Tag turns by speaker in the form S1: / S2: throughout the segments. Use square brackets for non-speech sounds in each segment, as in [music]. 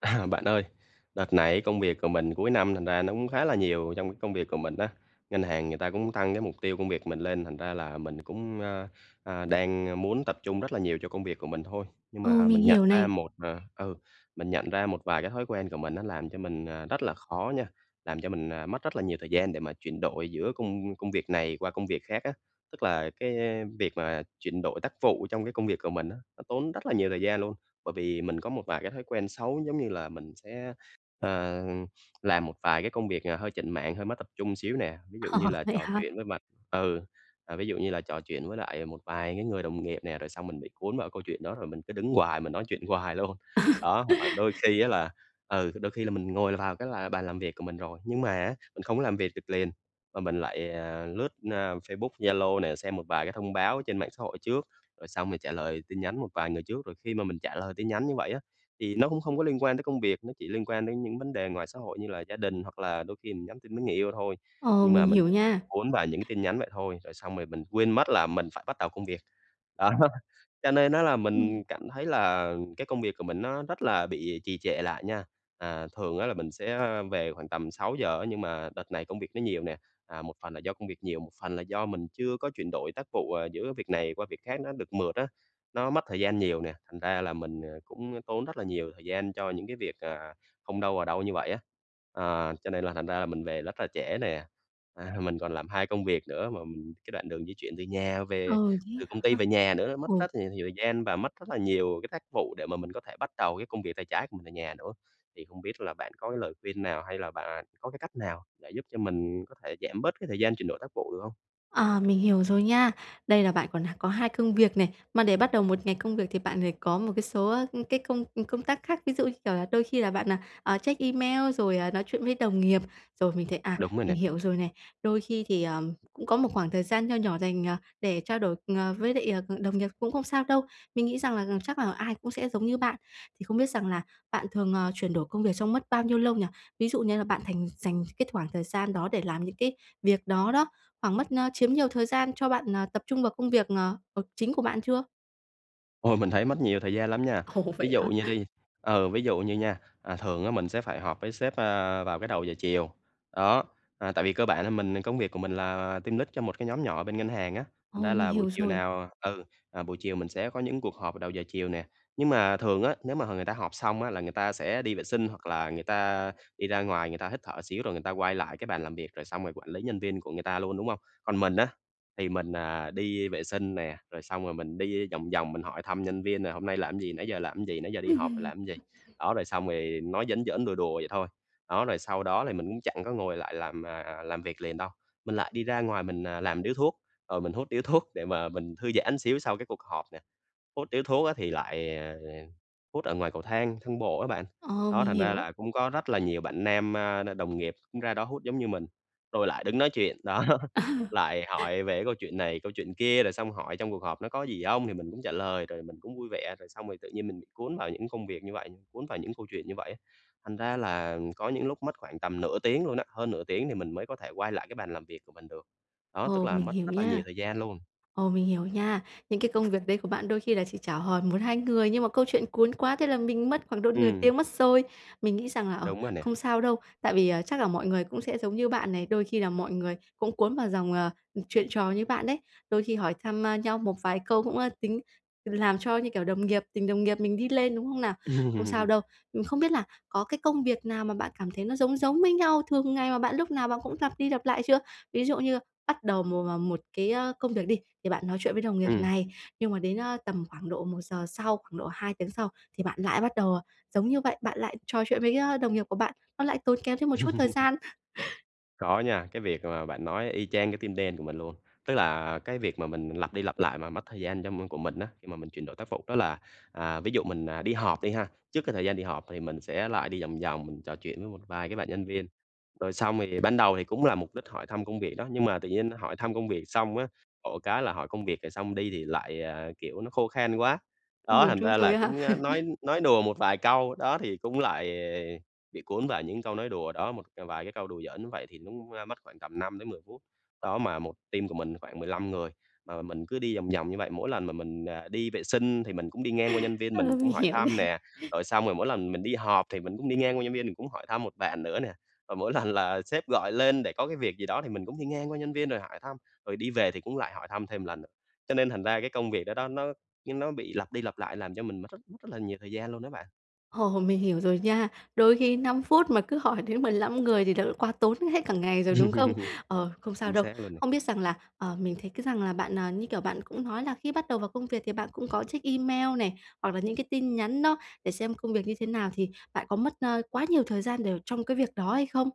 S1: À, bạn ơi, đợt này ấy công việc của mình cuối năm thành ra nó cũng khá là nhiều trong cái công việc của mình á. Ngân hàng người ta cũng tăng cái mục tiêu công việc mình lên thành ra là mình cũng, a, a, đang, a, muốn tập trung rất là nhiều cho công việc của mình thôi. Nhưng
S2: Ồ,
S1: mà
S2: mình
S1: mình nhận
S2: hiểu
S1: ra
S2: này.
S1: một, ờ ừ, mình nhận ra một vài cái thói quen của mình nó làm cho mình, ờ, rất là khó nha, làm cho mình, à, mất rất là nhiều thời gian để mà chuyển đổi giữa công công việc này qua công việc khác á. Tức là cái, ơ, việc mà chuyển đổi tác vụ trong cái công việc của mình á, nó tốn rất là nhiều thời gian luôn. Bởi vì mình có một vài cái thói quen xấu giống như là mình sẽ, ờ, làm một vài cái công việc, ờ, hơi chểnh mảng, hơi mất tập trung xíu nè. Ví dụ như
S2: [chuckles]
S1: là
S2: Vậy
S1: trò
S2: hả?
S1: chuyện với mật ừ, ờ, ví dụ như là trò chuyện với lại một vài cái người đồng nghiệp nè, rồi xong mình bị cuốn vào cái câu chuyện đó rồi mình cứ đứng hoài, mình nói chuyện hoài luôn. Đó, hoặc là
S2: [chuckles]
S1: đôi khi á là ừ, thì đôi khi là mình ngồi vào cái là bàn làm việc của mình rồi, nhưng mà á mình không có làm việc được liền, mà mình lại, à, lướt, a, Facebook, Zalo nè, xem một vài cái thông báo trên mạng xã hội trước, rồi xong thì trả lời tin nhắn một vài người trước. Rồi khi mà mình trả lời tin nhắn như vậy á, thì nó cũng không có liên quan tới công việc, nó chỉ liên quan đến những vấn đề ngoài xã hội như là gia đình hoặc là đôi khi mình nhắn tin với người yêu thôi,
S2: Ồ,
S1: nhưng mà
S2: mình
S1: mình
S2: hiểu
S1: [unintelligible]
S2: nha.
S1: cuốn vào những cái tin nhắn vậy thôi, rồi xong mề mình quên mất là mình phải bắt đầu công việc. Đó, cho nên á là
S2: Ừm.
S1: mình cảm thấy là cái công việc của mình nó rất là bị trì trệ lại nha. À, thường á là mình sẽ, ơ, về khoảng tầm 6:00 á nhưng mà đợt này công việc nó nhiều nè, à, một phần là do công việc nhiều, một phần là do mình chưa có chuyển đổi tác vụ, ờ, giữa việc này qua việc khác nó được mượt á, nó mất thời gian nhiều nè, thành ra là mình, ờ, cũng tốn rất là nhiều thời gian cho những cái việc, ờ, không đâu vào đâu như vậy á. À, cho nên là thành ra là mình về rất là trễ nè. À, mình còn làm 2 công việc nữa mà m cái đoạn đường di chuyển từ nhà
S2: Ờ,
S1: về,
S2: thế
S1: từ công
S2: hả?
S1: ty về nhà nữa nó mất
S2: Ồ.
S1: rất là nhiều thời gian và mất rất là nhiều cái tác vụ để mà mình có thể bắt đầu cái công việc tay trái của mình ở nhà nữa. Thì không biết là bạn có cái lời khuyên nào hay là bạn, à, có cái cách nào để giúp cho mình có thể giảm bớt cái thời gian chuyển đổi tác vụ được hông?
S2: Ờ, mình hiểu rồi nha. Đây là bạn còn h có hai công việc nè. Mà để bắt đầu một ngày công việc thì bạn phải có một cái số, a, ơ, cái công, ừ, công tác khác. Ví dụ, như kiểu là, đôi khi là bạn, à, à, check email rồi, à, nói chuyện với đồng nghiệp, rồi mình thấy à,
S1: Đúng rồi nè.
S2: mình hiểu rồi này. Đôi khi thì, ờm, cũng có một khoảng thời gian nho nhỏ dành, à, để trao đổi ng với lại, ờ, đồng nghiệp cũng không sao đâu. Mình nghĩ rằng là g chắc là ai cũng sẽ giống như bạn. Thì không biết rằng là bạn thường, à, chuyển đổi công việc trong mất bao nhiêu lâu nhỉ? Ví dụ như là bạn thành dành cái thoảng thời gian đó để làm những cái việc đó đó, khoảng mất, a, chiếm nhiều thời gian cho bạn, à, tập trung vào công việc, ờ, ờ, việc chính của bạn chưa?
S1: Ôi, mình thấy mất nhiều thời gian lắm nha.
S2: Ồ,
S1: Ví
S2: vậy
S1: dụ
S2: hả?
S1: như đi ừ, ví dụ như nha, à, thường á mình sẽ phải họp với sếp, ơ, vào cái đầu giờ chiều, đó. À, tại vì cơ bản là mình công việc của mình là team lead cho một cái nhóm nhỏ bên ngân hàng á, thành
S2: Ồ,
S1: ra
S2: mình
S1: là buổi
S2: hiểu
S1: chiều
S2: rồi.
S1: nào, ờ ừ, à, buổi chiều mình sẽ có những cuộc họp vào đầu giờ chiều nè. Nhưng mà thường á, nếu mà h người ta họp xong á là người ta sẽ đi vệ sinh hoặc là người ta đi ra ngoài người ta hít thở xíu rồi người ta quay lại cái bàn làm việc, rồi xong rồi quản lý nhân viên của người ta luôn, đúng hông? Còn mình á, thì mình, à, đi vệ sinh nè, rồi xong rồi mình đi vòng vòng mình hỏi thăm nhân viên là "Hôm nay làm gì? Nãy giờ làm gì? Nãy giờ đi họp rồi
S2: [chuckles]
S1: làm gì?" Đó, rồi xong ì nói giỡn giỡn, đùa đùa vậy thôi. Đó, rồi sau đó thì mình cũng chẳng có ngồi lại làm, à, làm việc liền đâu. Mình lại đi ra ngoài mình, à, làm điếu thuốc, rồi mình hút điếu thuốc để mà mình thư giãn một xíu sau cái cuộc họp nè. Hút điếu thuốc á thì lại, ờ, ờ, hút ở ngoài cầu thang, thang bộ á bạn.
S2: Ờ,
S1: Đó,
S2: mình
S1: thành ra
S2: hiểu.
S1: là cũng có rất là nhiều bạn nam, a, n đồng nghiệp cũng ra đó hút giống như mình, rồi lại đứng nói chuyện, đó.
S2: [chuckles]
S1: Lại hỏi về cái câu chuyện này, câu chuyện kia rồi xong hỏi "trong cuộc họp nó có gì hông". Thì mình cũng trả lời, rồi mình cũng vui vẻ, rồi xong rồi tự nhiên mình bị cuốn vào những công việc như vậy như, cuốn vào những câu chuyện như vậy. Thành ra là có những lúc mất khoảng tầm nửa tiếng luôn á, hơn nửa tiếng thì mình mới có thể quay lại cái bàn làm việc của mình được. Đó, tức
S2: Ồ,
S1: là
S2: mình
S1: mất
S2: hiểu
S1: rất là nhiều
S2: nha.
S1: thời gian luôn.
S2: Ồ, mình hiểu nha. Những cái công việc đấy của bạn đôi khi là chỉ chào hỏi 1,2 người, nhưng mà câu chuyện cuốn quá, thế là mình mất khoảng độ nửa
S1: Ừm.
S2: tiếng mất rồi. Mình nghĩ rằng là, ờ,
S1: Đúng rồi nè.
S2: không sao đâu, tại vì, à, chắc là mọi người cũng sẽ giống như bạn này, đôi khi là mọi người cũng cuốn vào dòng, ờ, chuyện trò như bạn đấy. Đôi khi hỏi thăm nhau, a, một vài câu cũng, a, tính làm cho, như kiểu, đồng nghiệp tình đồng nghiệp mình đi lên, đúng không nào? Không sao
S1: [chuckles]
S2: đâu. Ừm, không biết là có cái công việc nào mà bạn cảm thấy nó giống giống với nhau, thường ngày mà bạn lúc nào bạn cũng lặp đi, lặp lại chưa? Ví dụ như bắt đầu một, à, một cái, ơ, công việc đi, thì bạn nói chuyện với đồng nghiệp
S1: Ừm.
S2: này, nhưng mà đến, a, tầm khoảng độ 1 giờ sau, khoảng độ 2 tiếng sau thì bạn lại bắt đầu, à, giống như vậy, bạn lại trò chuyện với, a, đồng nghiệp của bạn, nó lại tốn kém thêm một chút thời
S1: [chuckles]
S2: gian. [chuckles]
S1: Có nha, cái việc mà bạn nói y chang cái tim đen của mình luôn. Tức là cái việc mà mình lặp đi lặp lại mà mất thời gian cho m của mình á, khi mà mình chuyển đổi tác vụ đó là, à, ví dụ mình, à, đi họp đi ha, trước cái thời gian đi họp thì mình sẽ lại đi vòng vòng mình trò chuyện với một vài cái bạn nhân viên. Rồi xong thì ban đầu thì cũng là mục đích hỏi thăm công việc đó nhưng mà tự nhiên nó hỏi thăm công việc xong á, khổ cái là hỏi công việc thì xong đi thì lại, à, kiểu, nó khô khan quá.
S2: Ừm,
S1: Đó, thành
S2: đúng
S1: ra
S2: rồi
S1: là
S2: ấy ha.
S1: cũng, a, nói
S2: [chuckles]
S1: nói đùa một vài câu. Đó, thì cũng lại bị cuốn vào những câu nói đùa đó, một c vài cái câu đùa giỡn như vậy thì nó cũng mất khoảng tầm 5-10 phút. Đó, mà 1 team của mình thì khoảng 15 người, mà mình cứ đi vòng vòng như vậy, mỗi lần mà mình, à, đi vệ sinh thì mình cũng đi ngang qua nhân viên
S2: Ờ,
S1: mình
S2: mình
S1: cũng hỏi
S2: hiểu
S1: thăm
S2: này.
S1: nè. Rồi xong rồi mỗi lần mình đi họp thì mình cũng đi ngang qua nhân viên mình cũng hỏi thăm một bạn nữa nè và mỗi lần là sếp gọi lên để có cái việc gì đó thì mình cũng đi ngang qua nhân viên rồi hỏi thăm, rồi đi về thì cũng lại hỏi thăm thêm một lần nữa. Cho nên thành ra cái công việc đó đó, nó nó bị lặp đi lặp lại làm cho mình mất rất rất là nhiều thời gian luôn đó bạn.
S2: Ồ, mình hiểu rồi nha. Đôi khi 5 phút mà cứ hỏi đến 15 người thì thật là quá tốn hết cả ngày rồi, đúng không?
S1: [laughs]
S2: Ờ, không sao
S1: Chính
S2: đâu.
S1: xác luôn nè.
S2: Không biết rằng là, ờ, mình thấy cái rằng là bạn, ờ, như kiểu, bạn cũng nói là khi bắt đầu vào công việc thì bạn cũng có check email này hoặc là những cái tin nhắn đó để xem công việc như thế nào, thì bạn có mất, a, quá nhiều thời gian để trong cái việc đó hay không?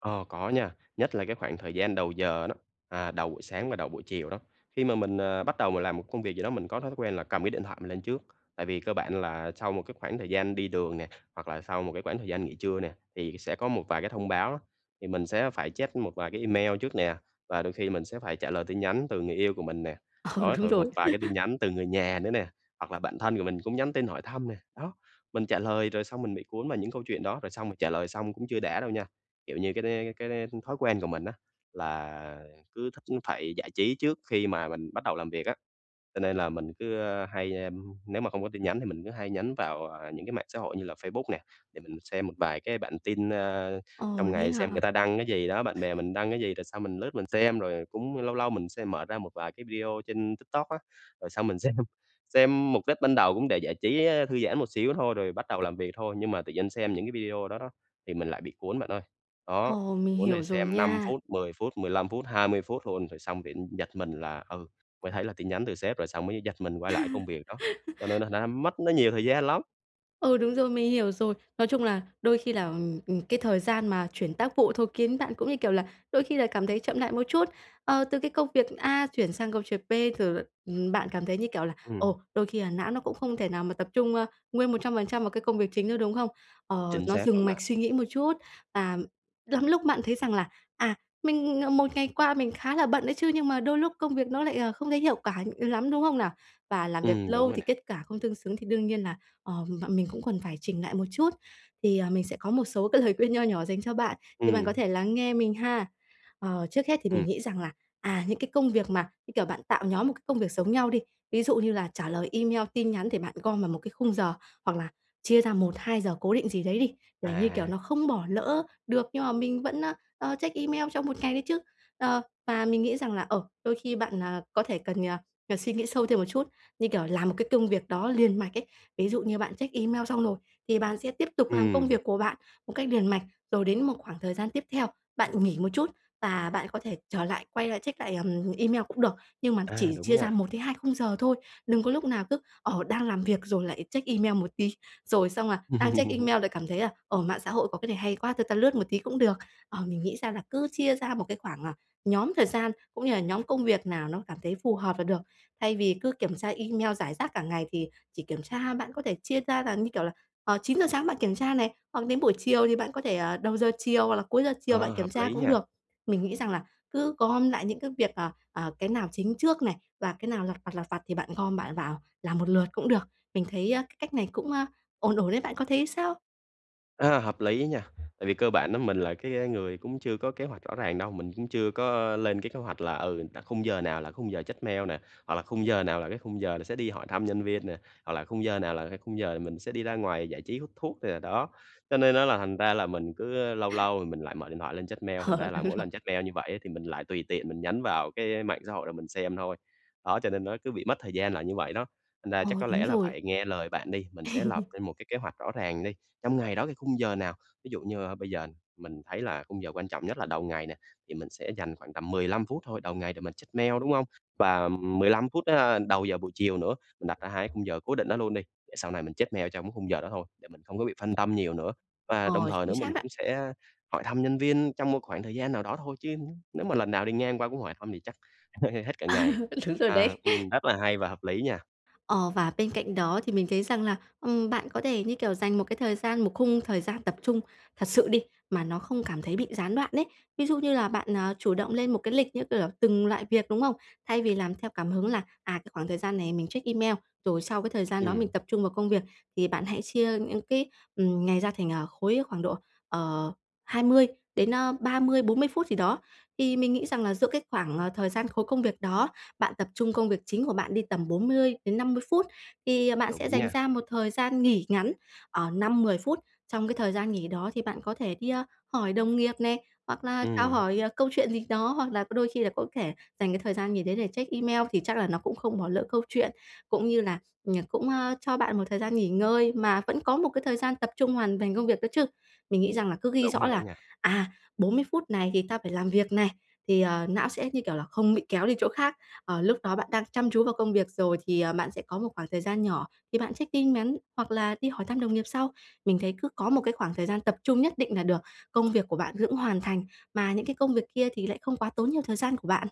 S1: Ờ, có nha. Nhất là cái khoảng thời gian đầu giờ nó, à, đầu buổi sáng và đầu buổi chiều đó. Khi mà mình, à, bắt đầu m làm một công việc gì đó, mình có thói quen là cầm cái điện thoại mình lên trước, tại vì cơ bản là sau một cái khoảng thời gian đi đường nè hoặc là sau một cái khoảng thời gian nghỉ trưa nè, thì sẽ có một vài cái thông báo đó. Thì mình sẽ phải check một vài cái email trước nè và đôi khi mình sẽ phải trả lời tin nhắn từ người yêu của mình nè.
S2: Ờ,
S1: Đó,
S2: đúng
S1: rồi
S2: rồi.
S1: một vài cái tin
S2: [chuckles]
S1: nhắn từ người nhà nữa nè hoặc là bạn thân của mình cũng nhắn tin hỏi thăm nè. Đó, mình trả lời rồi xong mình bị cuốn vào những câu chuyện đó, rồi xong mình trả lời xong cũng chưa đã đâu nha, kiểu như, cái đ cái đ thói quen của mình á. Là cứ thích phải giải trí trước khi mà mình bắt đầu làm việc á. v Cho nên là mình cứ, ơ, hay, ưm, nếu mà không có tin nhắn thì mình cứ hay nhấn vào, ờ, những cái mạng xã hội như là Facebook nè, để mình xem một vài cái bản tin, ơ,
S2: Ồ,
S1: trong
S2: vậy
S1: ngày xem
S2: hả?
S1: người ta đăng cái gì đó, bạn bè mình đăng cái gì? Rồi xong mình lướt mình xem, rồi cũng lâu lâu mình sẽ mở ra một vài cái video trên TikTok á, rồi xong mình xem. Xem mục đích ban đầu cũng để giải trí, ơ, thư giãn một xíu thôi, rồi bắt đầu làm việc thôi nhưng mà tự nhiên xem những cái video đó đó, thì mình lại bị cuốn bạn ơi. Đó,
S2: Ồ, mình
S1: cuốn rồi
S2: hiểu rồi
S1: xem 5
S2: nha.
S1: phút, 10 phút, 15 phút, 20 phút luôn, rồi xong bị, ưm, giật mình là, ừ, mới thấy là tin nhắn từ sếp, rồi xong mới giật mình quay lại công việc đó. Cho nên
S2: [laughs]
S1: thành ra mất nó nhiều thời gian lắm.
S2: Ừ, đúng rồi, mình hiểu rồi. Nói chung là đôi khi là, ừm, ừm, cái thời gian mà chuyển tác vụ thôi kiến bạn cũng, như kiểu là, đôi khi là cảm thấy chậm lại một chút. Ờ, từ cái công việc A chuyển sang công việc B, rồi l ừm, bạn cảm thấy, như kiểu là,
S1: Ừm.
S2: ồ, đôi khi là não nó cũng không thể nào mà tập trung, ơ, nguyên 100% vào cái công việc chính nữa, đúng không? Ờ,
S1: Chính
S2: nó
S1: xác
S2: dừng
S1: luôn đó.
S2: mạch suy nghĩ một chút, à, lắm lúc mạn thấy rằng là, à, mình, ờ, một ngày qua mình khá là bận đấy chứ nhưng mà đôi lúc công việc nó lại, ờ, không thấy hiệu quả, ừm, lắm, đúng không nào? Và làm việc
S1: Ừm, đúng
S2: lâu
S1: rồi
S2: thì
S1: nè.
S2: kết cả không tương xứng thì đương nhiên là, ờ, mợ mình cũng cần phải chỉnh nại một chút. Thì, à, mình sẽ có một số cái lời khuyên nho nhỏ dành cho bạn, thì bạn
S1: Ừm.
S2: có thể lắng nghe mình ha. Ờ, trước hết thì mình
S1: Ừm.
S2: nghĩ rằng là, à, những cái công việc mà, như kiểu, bạn tạo nhóm một cái công việc giống nhau đi, ví dụ như là trả lời email, tin nhắn thì bạn gom vào một cái khung giờ hoặc là chia ra 1-2 giờ cố định gì đấy đi, để, như kiểu,
S1: À.
S2: nó không bỏ lỡ được nhưng mà mình vẫn, a, à, check email trong một ngày đấy chứ. Ờ, và mình nghĩ rằng là, ờ, đôi khi bạn, à, có thể cần, à, ờ, cần suy nghĩ sâu thêm một chút, như kiểu, làm một cái công việc đó liền mạch ấy. Ví dụ như bạn check email xong rồi thì bạn sẽ tiếp tục làm công
S1: Ừm.
S2: việc của bạn một cách liền mạch, rồi đến một khoảng thời gian tiếp theo, bạn nghỉ một chút và bạn có thể trở lại, quay lại check lại, ừm, email cũng được. Nhưng mà
S1: À,
S2: chỉ
S1: đúng
S2: chia ra
S1: nha.
S2: 1-2 khung giờ thôi. Đừng có lúc nào cứ, ờ, đang làm việc rồi lại check email một tí, rồi xong là đang check
S1: [laughs]
S2: email lại cảm thấy là, ờ, mạng xã hội có cái này hay quá, thôi ta lướt một tí cũng được. Ờ, mình nghĩ ra là cứ chia ra một cái khoảng, à, nhóm thời gian cũng như là nhóm công việc nào nó cảm thấy phù hợp là được. Thay vì cứ kiểm tra email rải rác cả ngày thì chỉ kiểm tra, bạn có thể chia ra là, như kiểu là, ờ, 9:00 sáng bạn kiểm tra này hoặc đến buổi chiều thì bạn có thể, ờ, đầu giờ chiều hoặc là cuối giờ chiều bạn
S1: Ờ,
S2: kiểm
S1: hợp
S2: tra
S1: lý nhỉ.
S2: cũng được. Mình nghĩ rằng là cứ gom lại những cái việc, ờ, ờ, cái nào chính trước này và cái nào lặt vặt, lặt vặt thì bạn gom, bạn vào làm một lượt cũng được. Mình thấy, a, cái cách này cũng, a, ổn ổn ấy, bạn có thấy sao?
S1: A, hợp lý á nha. Tại vì cơ bản á mình là cái người cũng chưa có kế hoạch rõ ràng đâu. Mình cũng chưa có lên cái kế hoạch là, ừ, là khung giờ nào là khung giờ check mail nè hoặc là khung giờ nào là cái khung giờ là sẽ đi hỏi thăm nhân viên nè hoặc là khung giờ nào là cái khung giờ mình sẽ đi ra ngoài giải trí, hút thuốc nè, đó. Cho nên á là thành ra là mình cứ lâu lâu thì mình lại mở điện thoại lên check mail, thành
S2: Ờ,
S1: ra là
S2: đúng
S1: mỗi
S2: rồi.
S1: lần check mail như vậy á, thì mình lại tùy tiện mình nhấn vào cái mạng xã hội để mình xem thôi. Đó, cho nên nó cứ bị mất thời gian là như vậy đó, thành ra
S2: Ờ,
S1: chắc có
S2: đúng
S1: lẽ là
S2: rồi.
S1: phải nghe lời bạn đi. Mình sẽ lập
S2: [laughs]
S1: lên một cái kế hoạch rõ ràng đi. Trong ngày đó cái khung giờ nào, ví dụ như, a, bây giờ mình thấy là khung giờ quan trọng nhất là đầu ngày nè, thì mình sẽ dành khoảng tầm 15 phút thôi, đầu ngày để mình check mail, đúng không? Và, ừm, 15 phút, a, đầu giờ buổi chiều nữa, mình đặt ra hai cái khung giờ cố định đó luôn đi, để sau này mình check mail trong cái khung giờ đó thôi, để mình không có bị phân tâm nhiều nữa và đồng
S2: Ờ,
S1: thời nữa
S2: chính
S1: mình
S2: xác đấy.
S1: cũng sẽ hỏi thăm nhân viên trong một khoảng thời gian nào đó thôi, chứ nếu mà lần nào đi ngang qua cũng hỏi thăm thì chắc [scoffs] hết cả ngày.
S2: [laughs] Đúng rồi
S1: À,
S2: đấy.
S1: ừm, rất là hay và hợp lý nha.
S2: Ờ, và bên cạnh đó thì mình thấy rằng là, ừm, bạn có thể, như kiểu, dành một cái thời gian, một khung thời gian tập trung thật sự đi, mà nó không cảm thấy bị gián đoạn đấy. Ví dụ như là bạn, à, chủ động lên một cái lịch, như kiểu là, từng loại việc, đúng không? Thay vì làm theo cảm hứng là, à, cái khoảng thời gian này mình check email, rồi sau cái thời gian đó mình
S1: Ừm.
S2: tập trung vào công việc, thì bạn hãy chia những cái, ừm, ngày ra, à, thành khối, khoảng độ, ờ, 20 đến, a, 30, 40 phút gì đó. Thì mình nghĩ rằng là giữa cái khoảng, à, thời gian khối công việc đó, bạn tập trung công việc chính của bạn đi, tầm 40-50 phút thì bạn sẽ
S1: Đúng
S2: dành
S1: nha.
S2: ra một thời gian nghỉ ngắn, ờ, 5-10 phút. Trong cái thời gian nghỉ đó thì bạn có thể đi, a, hỏi đồng nghiệp nè hoặc là chào
S1: Ừm.
S2: hỏi, à, câu chuyện gì đó hoặc là có đôi khi là có thể dành cái thời gian nghỉ đấy để check email, thì chắc là nó cũng không bỏ lỡ câu chuyện, cũng như là, ừm, cũng, ơ, cho bạn một thời gian nghỉ ngơi mà vẫn có một cái thời gian tập trung hoàn thành công việc đó chứ. Mình nghĩ rằng là cứ ghi
S1: Đúng
S2: rõ
S1: rồi đó
S2: là,
S1: nha.
S2: à, 40 phút này thì ta phải làm việc này, thì, à, não sẽ, như kiểu là, không bị kéo đi chỗ khác, ờ, lúc đó bạn đang chăm chú vào công việc rồi thì, à, bạn sẽ có một khoảng thời gian nhỏ, thì bạn check tin mắn hoặc là đi hỏi thăm đồng nghiệp sau. Mình thấy cứ có một cái khoảng thời gian tập trung nhất định nà được, công việc của bạn vẫn hoàn thành, mà những cái công việc kia thì lại không quá tốn nhiều thời gian của bạn.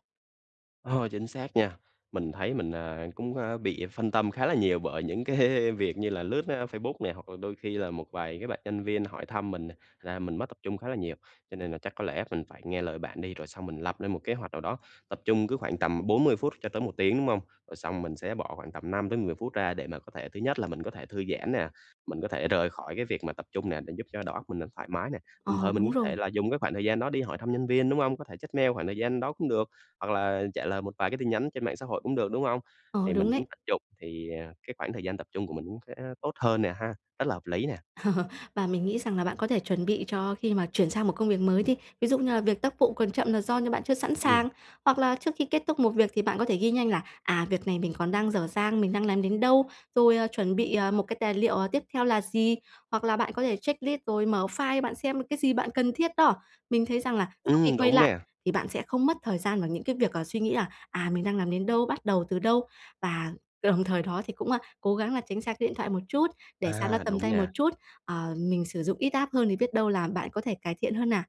S1: Ờ, chính xác nha, mình thấy mình, à, cũng, a, bị phân tâm khá là nhiều bởi những cái việc như là lướt, á, Facebook nè, hoặc là đôi khi là một vài cái bạn nhân viên hỏi thăm mình nè, thành ra mình mới tập trung khá là nhiều. Cho nên là chắc có lẽ phình phải nghe lời bạn đi rồi xong mình lập lên một kế hoạch nào đó, tập trung cứ khoảng tầm 40 cho tới 1 tiếng, đúng hông? Rồi xong mình sẽ bỏ khoảng tầm 5-10 phút ra để mà có thể thứ nhất là mình có thể thư giãn nè, mình có thể rời khỏi cái việc mà tập trung nè để giúp cho đầu óc mình được thoải mái nè. Đồng
S2: Ờ,
S1: thời mình
S2: đúng
S1: có
S2: rồi.
S1: thể là dùng cái khoảng thời gian đó đi hỏi thăm nhân viên, đúng hông? Có thể check mail khoảng thời gian đó cũng được, hoặc là trả lời một vài cái tin nhắn trên mạng xã hội cũng được, đúng hông?
S2: Ờ,
S1: Thì mình
S2: đúng
S1: cũng
S2: đấy.
S1: tận dụng, thì, à, cái khoảng thời gian tập trung của mình cũng sẽ tốt hơn nè ha, rất là hợp lý nè.
S2: [chuckles] Và mình nghĩ rằng là bạn có thể chuẩn bị cho khi mà chuyển sang một công việc mới đi. Ví dụ như là việc tác vụ còn chậm là do như bạn chưa sẵn
S1: Ừm.
S2: sàng, hoặc là trước khi kết thúc một việc thì bạn có thể ghi nhanh là "À, việc này mình còn đang dở dang, mình đang làm đến đâu?", rồi "Ờ, chuẩn bị một cái tài liệu tiếp theo là gì." Hoặc là bạn có thể checklist rồi mở file bạn xem cái gì bạn cần thiết đó. Mình thấy rằng là sau khi
S1: Ừm,
S2: quay
S1: đúng
S2: lại
S1: nè.
S2: thì bạn sẽ không mất thời gian vào những cái việc, à, suy nghĩ là "À, mình đang làm đến đâu? Bắt đầu từ đâu?" Và đồng thời đó thì cũng, a, cố gắng là tránh xa cái điện thoại một chút, để xa nó
S1: À,
S2: tầm
S1: đúng
S2: tay một
S1: nha.
S2: chút. Ờ, mình sử dụng ít app hơn thì biết đâu là bạn có thể cải thiện hơn nè.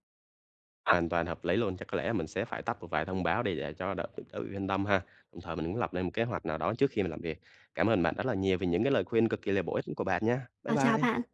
S1: Hoàn toàn hợp lý luôn, chắc có lẽ là mình sẽ phải tắt một vài thông báo đi để cho đỡ [unintelligible] tự yên tâm ha, đồng thời mình muốn lập lên một kế hoạch nào đó trước khi mình làm việc. Cảm ơn bạn rất là nhiều về những cái lời khuyên cực kỳ là bổ ích của bạn nha, bye
S2: À, chào
S1: bye.
S2: bạn.